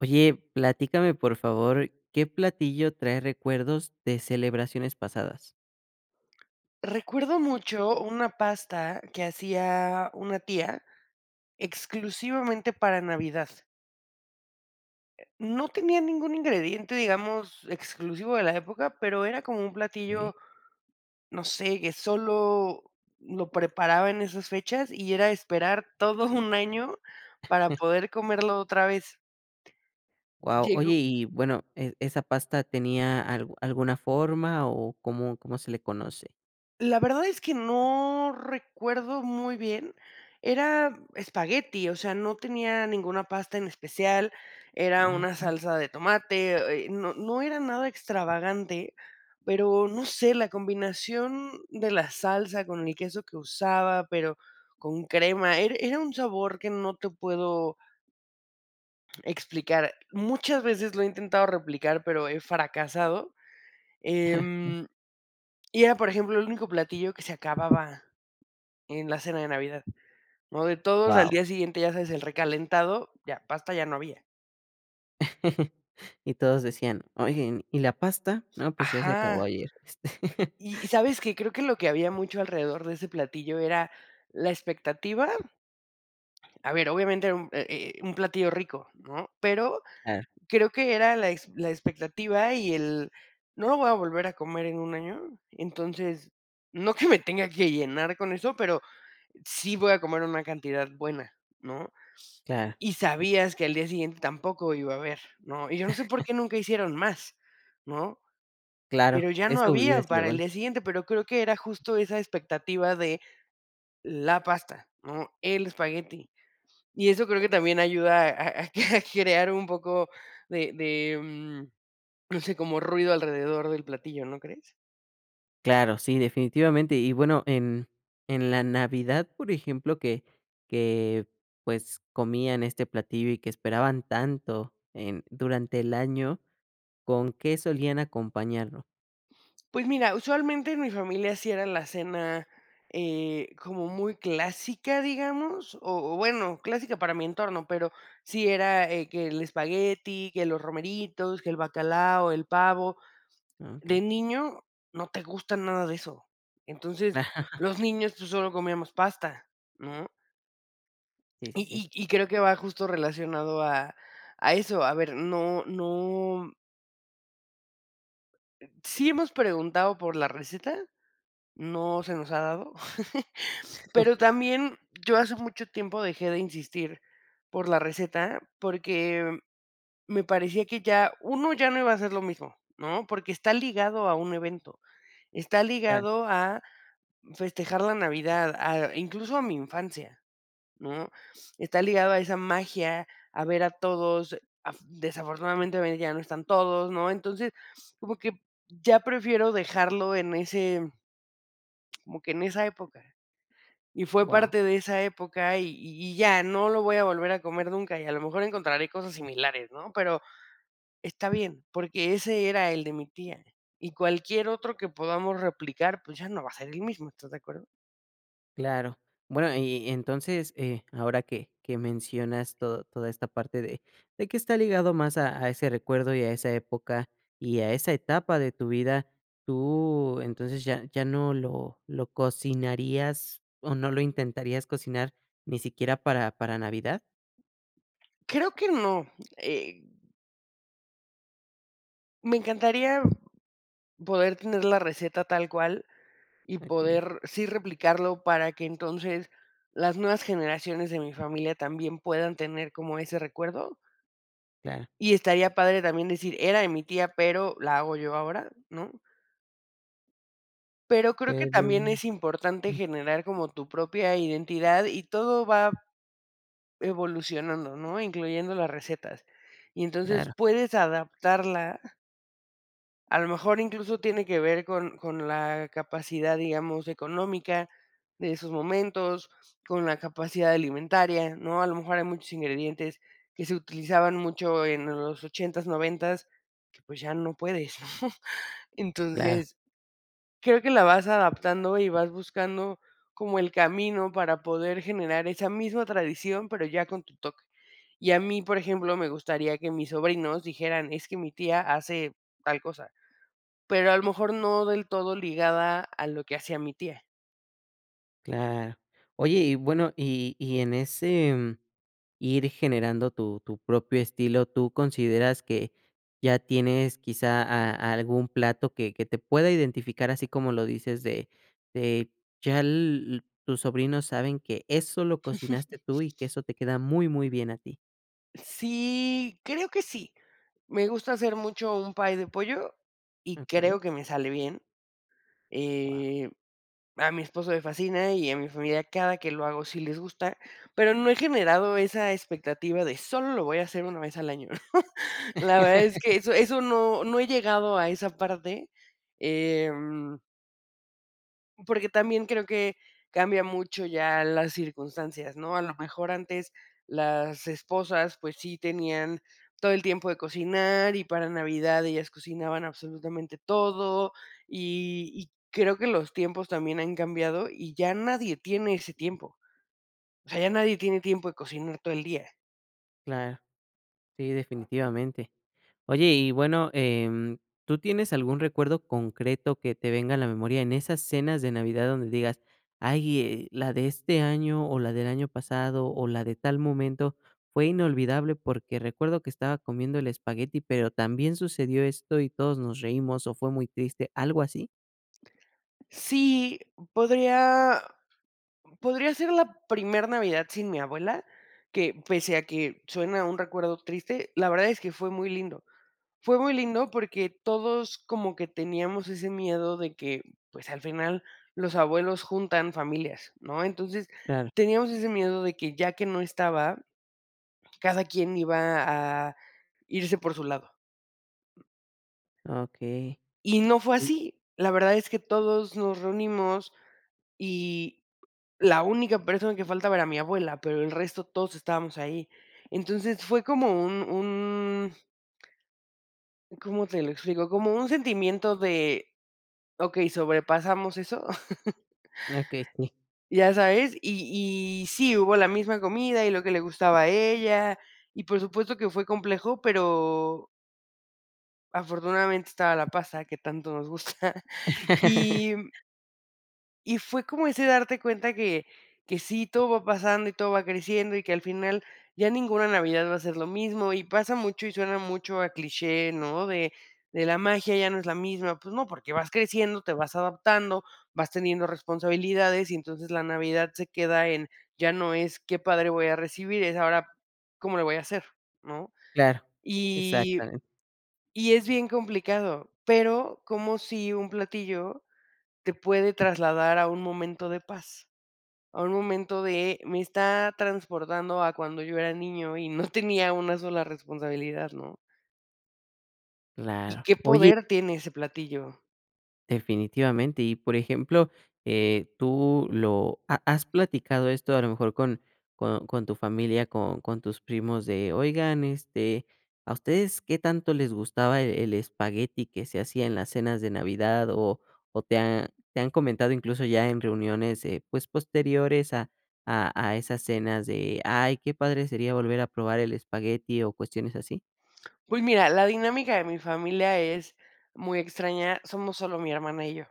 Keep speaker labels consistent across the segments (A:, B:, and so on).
A: Oye, platícame por favor, ¿qué platillo trae recuerdos de celebraciones pasadas?
B: Recuerdo mucho una pasta que hacía una tía exclusivamente para Navidad. Eh, no tenía ningún ingrediente, digamos, exclusivo de la época, pero era como un
A: Okey.
B: platillo, no sé, que solo lo preparaba en esas fechas y era esperar todo un año para poder comerlo otra vez.
A: Guau, oye
B: Llegó
A: y bueno, e esa pasta tenía algu alguna forma o, ¿cómo cómo se le conoce?
B: La verdad es que no recuerdo muy bien, era espagueti, o sea, no tenía ninguna pasta en especial, era
A: Ah,
B: una
A: okey.
B: salsa de tomate, eh, no no era nada extravagante, pero no sé, la combinación de la salsa con el queso que usaba, pero con crema era era un sabor que no te puedo explicar. Muchas veces lo he intentado replicar, pero he fracasado.
A: Okey.
B: Em, y era, por ejemplo, el único platillo que se acababa en la cena de Navidad, ¿no?, de todos al
A: Guau.
B: día siguiente, ya sabes, el recalentado, ya, pasta ya no había.
A: Y todos decían: "Oigan, ¿y la pasta? No, pues ya se acabó
B: Ajá.
A: ayer s".
B: ¿Y y sabes qué? Creo que lo que había mucho alrededor de ese platillo era la expectativa A ver, obviamente era un eh eh un platillo rico, ¿no? Pero
A: Ah.
B: creo que era la ex la expectativa y el: "No lo voy a volver a comer en un año". Entonces, no que me tenga que llenar con eso, pero sí voy a comer una cantidad buena, ¿no?,
A: Claro.
B: y sabías que al día siguiente tampoco iba a haber, ¿no?, y yo no sé por qué nunca hicieron más, ¿no?,
A: Claro,
B: pero ya no
A: eso hubiera
B: había
A: sido
B: para el
A: bueno.
B: día siguiente, pero creo que era justo esa expectativa de, la pasta, ¿no?, el espagueti. Y eso creo que también ayuda a a a cre crear un poco de de, mm, no sé, como ruido alrededor del platillo, ¿no crees?
A: Claro, sí, definitivamente y bueno en en la Navidad, por ejemplo, que que pues comían este platillo y que esperaban tanto en durante el año, ¿con qué solían acompañarlo?
B: Pues mira, usualmente, en mi familia sí era la cena, eh, como muy clásica, digamos, o o bueno, clásica para mi entorno, pero sí era eh que el espagueti, que los romeritos, que el bacalao, el pavo.
A: Ah,
B: De
A: okey.
B: niño no te gusta nada de eso. Entonces, los niños, pues, solo comíamos pasta, ¿no?
A: Sí, sí, sí.
B: Y y y creo que va justo relacionado a a eso. A ver, no no Sí hemos preguntado por la receta, no se nos ha dado, pero también yo hace mucho tiempo dejé de insistir por la receta, porque me parecía que ya, 1 ya no iba a ser lo mismo, ¿no?, porque está ligado a un evento, está
A: Claro.
B: ligado a festejar la Navidad, a incluso a mi infancia, ¿no?, está ligado a esa magia, a ver a todos, af desafortunadamente hoy ya no están todos, ¿no?, entonces, como que ya prefiero dejarlo en ese como que en esa época. Y fue
A: Guau.
B: parte de esa época y y y ya, no lo voy a volver a comer nunca, y a lo mejor encontraré cosas similares, ¿no?, pero está bien, porque ese era el de mi tía, y cualquier otro que podamos replicar, pues ya no va a ser el mismo, ¿estás de acuerdo?
A: Claro. Bueno, y y entonces eh, ahora que, que mencionas to toda esta parte de de que está ligado más a a ese recuerdo y a esa época y a esa etapa de tu vida. ¿Tú, entonces, ya ya no lo lo cocinarías o no lo intentarías cocinar ni siquiera para para navidad?
B: Creo que no, eh Me encantaría poder tener la receta tal cual y
A: Okey.
B: poder sí replicarlo para que entonces las nuevas generaciones de mi familia también puedan tener como ese recuerdo
A: Claro.
B: y estaría padre también decir: "Era de mi tía, pero la hago yo ahora", ¿no? Pero creo que
A: Pero.
B: también es importante
A: Mm.
B: generar como tu propia identidad y todo va evolucionando, ¿no? Incluyendo las recetas. Y entonces
A: Claro.
B: puedes adaptarla a lo mejor incluso tiene que ver con con la capacidad, digamos, económica de esos momentos, con la capacidad alimentaria, ¿no? A lo mejor hay muchos ingredientes que se utilizaban mucho en los ochentas, noventas, que pues ya no puedes, ¿no?
A: Claro.
B: Entonces, creo que la vas adaptando y vas buscando como el camino para poder generar esa misma tradición, pero ya con tu toque. Y a mí, por ejemplo, me gustaría que mis sobrinos dijeran: "Es que mi tía hace tal cosa", pero a lo mejor no del todo ligada a lo que hacía mi tía.
A: Claro, oye, y bueno y y en ese, mm, ir generando tu tu propio estilo, ¿tú consideras que ya tienes quizá a algún plato que que te pueda identificar, así como lo dices de de ya l tus sobrinos saben que eso lo cocinaste tú y que eso te queda muy muy bien a ti?
B: Sí, creo que sí, me gusta hacer mucho un pay de pollo y
A: Okey.
B: creo que me sale bien,
A: Wao.
B: eh, a mi esposo le fascina y a mi familia cada que lo hago sí les gusta, pero no he generado esa expectativa de: "Solo lo voy a hacer una vez al año", la verdad es que eso eso no no he llegado a esa parte, em porque también creo que cambia mucho ya las circunstancias, ¿no?, a lo mejor antes las esposas, pues sí tenían todo el tiempo de cocinar y para Navidad ellas cocinaban absolutamente todo, y y creo que los tiempos también han cambiado y ya nadie tiene ese tiempo, o sea, ya nadie tiene tiempo de cocinar todo el día.
A: Claro, sí, definitivamente. Oye, y bueno, em, ¿tú tienes algún recuerdo concreto que te venga a la memoria en esas cenas de Navidad donde digas: "Ay, eh, la de este año o la del año pasado o la de tal momento fue inolvidable, porque recuerdo que estaba comiendo el espagueti, pero también sucedió esto y todos nos reímos o fue muy triste", algo así?
B: Sí, podría podría ser la primer Navidad sin mi abuela, que, pese a que suena un recuerdo triste, la verdad es que fue muy lindo, fue muy lindo porque todos como que teníamos ese miedo de que, pues, al final los abuelos juntan familias, ¿no?, entonces,
A: Claro.
B: teníamos ese miedo de que ya que no estaba, cada quien iba a irse por su lado.
A: Okey,
B: Y no fue
A: uy.
B: así, la verdad es que todos nos reunimos y, la única persona que faltaba era mi abuela, pero el resto todos estábamos ahí, entonces, fue como un un ¿cómo te lo explico?, como un sentimiento de: "Okey, sobrepasamos eso".
A: Ah, okey, sí.
B: Ya sabes, y y sí, hubo la misma comida y lo que le gustaba a ella, y por supuesto que fue complejo, pero afortunadamente estaba la pasta que tanto nos gusta y Y fue como ese darte cuenta que que sí, todo va pasando y todo va creciendo, y que al final, ya ninguna Navidad va a ser lo mismo. Y pasa mucho y suena mucho a cliché, ¿no?, de de la magia, ya no es la misma. Pues no, porque vas creciendo, te vas adaptando, vas teniendo responsabilidades, y entonces la Navidad se queda en ya no es, ¡qué padre voy a recibir!, es ahora, ¿cómo le voy a hacer, no?
A: Claro,
B: Y
A: exactament
B: y es bien complicado. Pero, como sí un platillo, te puede trasladar a un momento de paz, a un momento de me está transportando a cuando yo era niño y no tenía una sola responsabilidad, ¿no? Y
A: Claro.
B: qué
A: Oye
B: poder tiene ese platillo.
A: Definitivamente. Y por ejemplo, eh, tú lo ¿Ha has platicado esto, a lo mejor con con con tu familia, con con tus primos? De, oigan, este, ¿a ustedes qué tanto les gustaba e el espagueti que se hacía en las cenas de Navidad? O o te ha te han comentado incluso, ya en reuniones, eh, pues, posteriores a a a esas cenas de: "¡ay qué padre sería volver a probar el espagueti!"¿O cuestiones así?
B: Pues mira, la dinámica de mi familia es muy extraña, somos solo mi hermana y yo.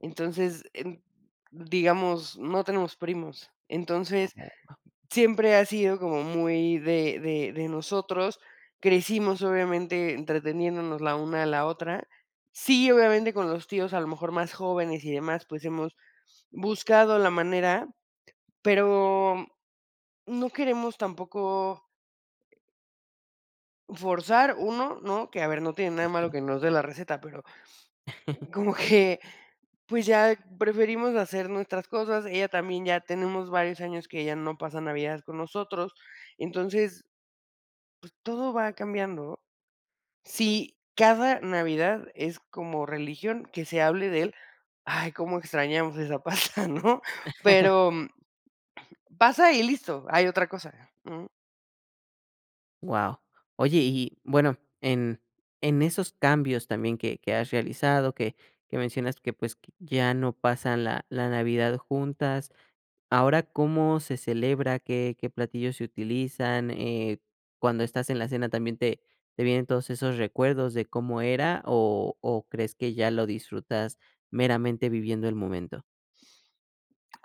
B: Entonces, en digamos, no tenemos primos. Entonces,
A: [unintelligible]
B: siempre ha sido como muy de de de nosotros. Crecimos obviamente, entreteniéndonos la una a la otra. Sí, obviamente, con los tíos a lo mejor más jóvenes y demás, pues, hemos buscado la manera, pero, no queremos tampoco forzar, 1, ¿no? Que a ver, no tiene nada de malo
A: Okey.
B: que nos dé la receta, pero, como que, pues, ya preferimos hacer nuestras cosas. Ella también ya tenemos varios años que ya no pasa navidades con nosotros. Entonces pues, todo va cambiando. Sí, cada Navidad es como religión que se hable de él, ¡ay, cómo extrañamos esa pasta!, ¿no? Pero, mm pasa y listo, hay otra cosa, mm.
A: Wao, oye y y bueno en en esos cambios también que que has realizado que que mencionas que pues que ya no pasan la la Navidad juntas, ¿ahora cómo se celebra?, ¿qué qué platillos se utilizan?, eh, cuando estás en la cena, ¿también te te vienen todos esos recuerdos de cómo era o o crees que ya lo disfrutas meramente viviendo el momento?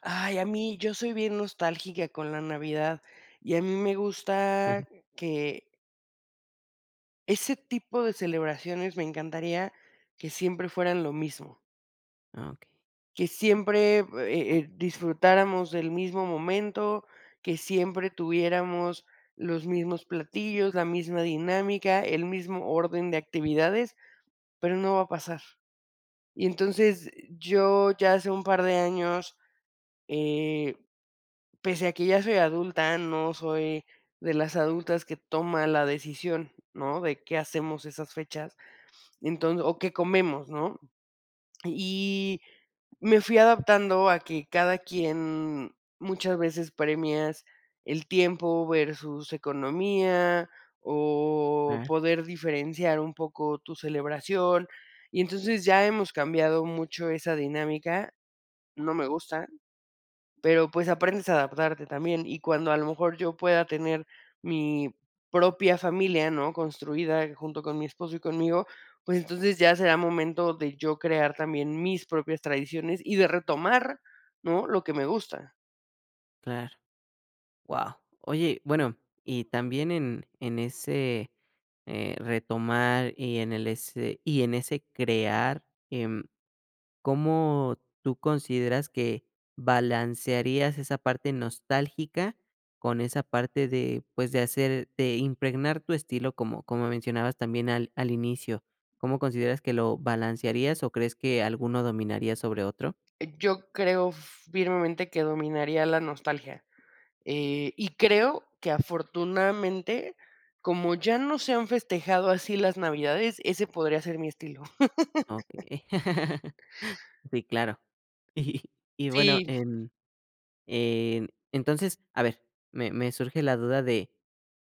B: Ay, a mí yo soy bien nostálgica con la Navidad, y a mí me gusta que ese tipo de celebraciones me encantaría que siempre fueran lo mismo.
A: Ah, okey.
B: Que siempre, eh eh, disfrutáramos del mismo momento, que siempre tuviéramos los mismos platillos, la misma dinámica, el mismo orden de actividades, pero no va a pasar, y entonces, yo ya hace un par de años, eh, pese a que ya soy adulta, no soy de las adultas que toma la decisión, ¿no?, de qué hacemos esas fechas, entonces, o qué comemos, ¿no?, y me fui adaptando a que cada quien muchas veces premias el tiempo versus economía o
A: Ah.
B: poder diferenciar un poco tu celebración, y entonces ya hemos cambiado mucho esa dinámica, no me gusta, pero pues aprendes a adaptarte también, y cuando a lo mejor yo pueda tener mi propia familia, ¿no?, construida junto con mi esposo y conmigo, pues entonces ya será momento de yo crear también mis propias tradiciones y de retomar, ¿no?, lo que me gusta.
A: Claro, wao, oye, bueno y también en en ese, eh, retomar, y en el ese y en ese crear, em, ¿cómo tú consideras que balancearías esa parte nostálgica con esa parte de, pues de hacer de impregnar tu estilo como como mencionabas también al al inicio?, ¿cómo consideras que lo balancearías o crees que alguno dominaría sobre otro?
B: Yo creo firmemente que dominaría la nostalgia, eh, y creo que afortunadamente, como ya no se han festejado así las navidades, ese podría ser mi estilo.
A: Okey, sí, claro, y y y bueno,
B: Sí.
A: en en entonces, a ver, me me surge la duda de: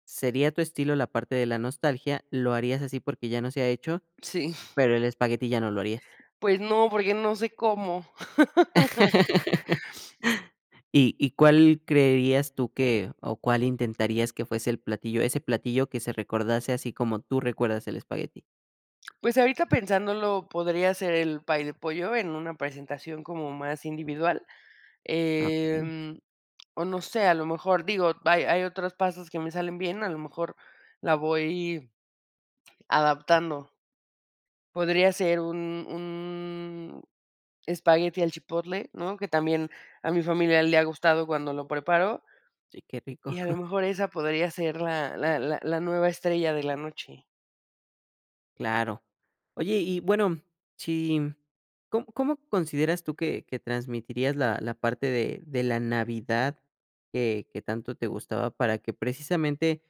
A: "¿Sería tu estilo la parte de la nostalgia?", "¿Lo harías así porque ya no se ha hecho,
B: Sí.
A: pero el espagueti ya no lo harías?".
B: Pues no, porque no sé cómo.
A: ¿Y y cuál creerías tú que o cuál intentarías que fuese el platillo, ese platillo que se recordase así como tú recuerdas el espagueti?
B: Pues ahorita pensándolo podría ser el pay de pollo en una presentación como más individual,
A: Ah, vale.
B: em, o no sé, a lo mejor, digo, hay hay otros pasos que me salen bien, a lo mejor la voy adaptando. Podría ser un un espagueti al chipotle, ¿no?, que también a mi familia le ha gustado cuando lo preparo
A: Sí, qué rico.
B: y a lo mejor esa podría ser la la la la nueva estrella de la noche.
A: Claro. Oye y y bueno si ¿com cómo consideras tú que que transmitirías la la parte de de la Navidad que que tanto te gustaba para que precisamente,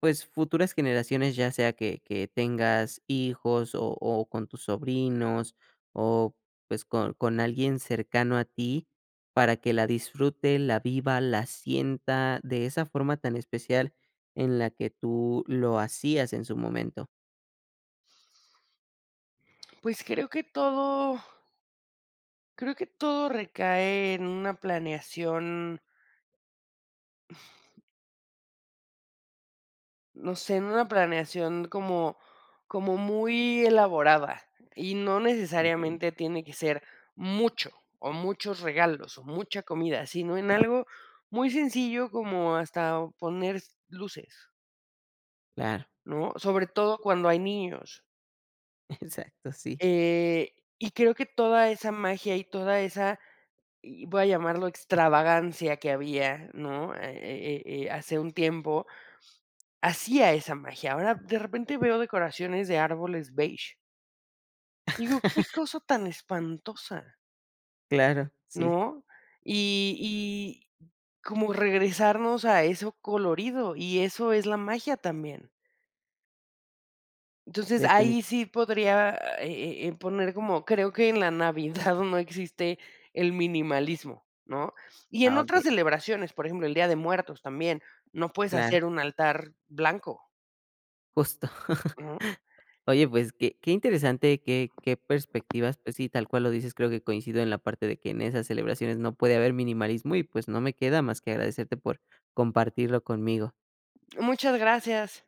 A: pues, futuras generaciones, ya sea que que tengas hijos o o con tus sobrinos o, pues, con con alguien cercano a ti, para que la disfrute, la viva, la sienta de esa forma tan especial en la que tú lo hacías en su momento?
B: Pues creo que todo creo que todo recae en una planeación no sé, en una planeación como como muy elaborada, y no
A: Okey.
B: necesariamente tiene que ser mucho o muchos regalos o mucha comida, sino en algo muy sencillo como hasta poner f luces
A: Claro.
B: ¿No? Sobre todo cuando hay niños.
A: Exacto, sí.
B: Eh, y creo que toda esa magia y toda esa, y, voy a llamarlo extravagancia que había, ¿no?, Eh eh eh eh hace un tiempo, hacía esa magia. Ahora, de repente, veo decoraciones de árboles beige digo: "¡Qué cosa tan espantosa!".
A: Claro, sí.
B: ¿No? Y y como regresarnos a eso colorido, y eso es la magia también. Entonces,
A: Defini
B: ahí sí podría, eh eh, poner como creo que en la Navidad no existe el minimalismo, ¿no? Y en
A: Ah, okey.
B: otras celebraciones, por ejemplo, el Día de Muertos también, no puedes
A: Claro.
B: hacer un altar blanco
A: Justo.
B: Ujú.
A: Oye, pues, qué qué interesante qué qué perspectivas, pues sí, tal cual lo dices, creo que coincido en la parte de que en esas celebraciones no puede haber minimalismo y, pues, no me queda más que agradecerte por compartirlo conmigo.
B: Muchas gracias.